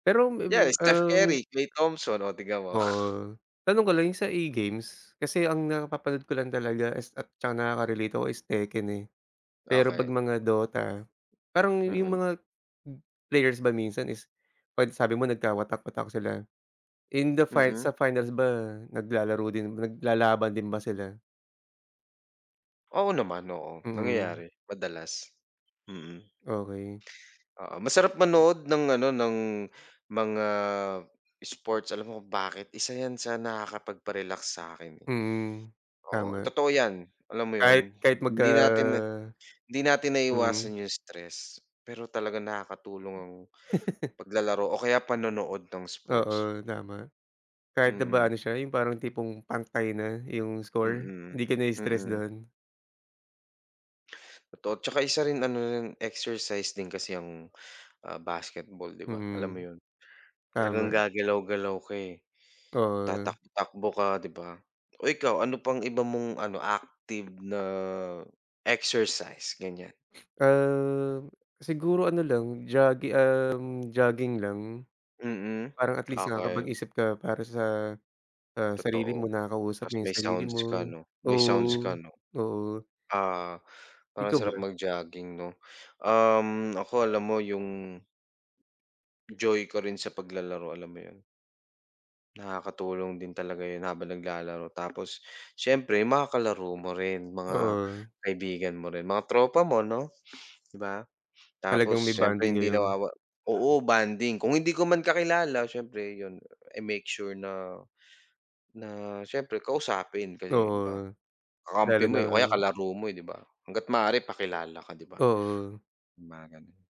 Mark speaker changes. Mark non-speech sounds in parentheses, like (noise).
Speaker 1: Pero may be
Speaker 2: Yes, Steph
Speaker 1: um.
Speaker 2: Curry, Klay Thompson o tignan mo. (chuckles)
Speaker 1: Oo, tanong ko lang yung sa E-Games, kasi ang napapanood ko lang talaga is ah, at tsaka nakakarelate ako is Tekken eh. Pero
Speaker 2: Okey.
Speaker 1: 'pag mga DOTA, parang yung
Speaker 2: Mm.
Speaker 1: mga players ba minsan is 'pag sabi mo nagkawatak-watak sila, in the fins
Speaker 2: Mm.
Speaker 1: sa finals ba naglalaro din naglalaban din ba sila?
Speaker 2: Oo naman, oo
Speaker 1: Mm.
Speaker 2: nangyayari madalas. Mm.
Speaker 1: Okey.
Speaker 2: Oo masarap manood ng ano ng mga sports alam mo kung bakit? Isa yan sa nakakapagpa-relax sa'kin eh.
Speaker 1: Mm,
Speaker 2: Oo
Speaker 1: tama.
Speaker 2: totoo yan, alam mo
Speaker 1: Kahit
Speaker 2: yun?
Speaker 1: kahit magka
Speaker 2: Hindi natin na hindi natin
Speaker 1: mm.
Speaker 2: naiwasan yung stress pero talaga nakakatulong ang
Speaker 1: (laughs)
Speaker 2: paglalaro o kaya panonood ng sports.
Speaker 1: Oo tama. Kahit na ba
Speaker 2: Mm.
Speaker 1: ano siya yung parang tipong pang-tie na yung score,
Speaker 2: Mm,
Speaker 1: hindi ka na-stress
Speaker 2: mm.
Speaker 1: dun?
Speaker 2: Totot tsaka isa rin ano yung exercise din kasi yung, ah, basketball di ba, alam mo
Speaker 1: Mhm.
Speaker 2: yun? Talagang
Speaker 1: Tama.
Speaker 2: gagalaw-galaw ka eh.
Speaker 1: Oo.
Speaker 2: Tatak takbo ka, 'di ba? Oh ikaw ano pang iba mong ano active na exercise? Ganyan.
Speaker 1: Um, siguro ano lang jogi um, jogging lang.
Speaker 2: Mm,
Speaker 1: Parang at least
Speaker 2: okey.
Speaker 1: nakapag-isip ka para sa, ah, sarili
Speaker 2: Totoo,
Speaker 1: mo, nakakausap
Speaker 2: ta's
Speaker 1: mo yung
Speaker 2: may
Speaker 1: sarili
Speaker 2: sounds
Speaker 1: mo.
Speaker 2: ka 'no? May sounds ka,
Speaker 1: Oo,
Speaker 2: 'no?
Speaker 1: oo.
Speaker 2: Ah parang
Speaker 1: Ikaw
Speaker 2: sarap
Speaker 1: ba?
Speaker 2: mag jogging no um ako alam mo yung joy ko rin sa paglalaro, alam mo yun? Nakakatulong din talaga yun habang naglalaro, tapos siyempre mga kalaro mo rin mga
Speaker 1: Oo.
Speaker 2: kaibigan mo rin mga tropa mo no, 'di ba? Tapos
Speaker 1: Talagang may
Speaker 2: siyempre
Speaker 1: bonding
Speaker 2: hindi
Speaker 1: kayo.
Speaker 2: nawawa oo bonding kung hindi ko man kakilala siyempre yun, I make sure na na siyempre kausapin kasi, 'di ba
Speaker 1: Oo.
Speaker 2: kakampi
Speaker 1: Lalo
Speaker 2: mo
Speaker 1: na
Speaker 2: eh, o kaya kalaro mo eh, 'di ba? Hangga't maaari pakilala ka, 'di ba?
Speaker 1: Oo.
Speaker 2: Mga ganun.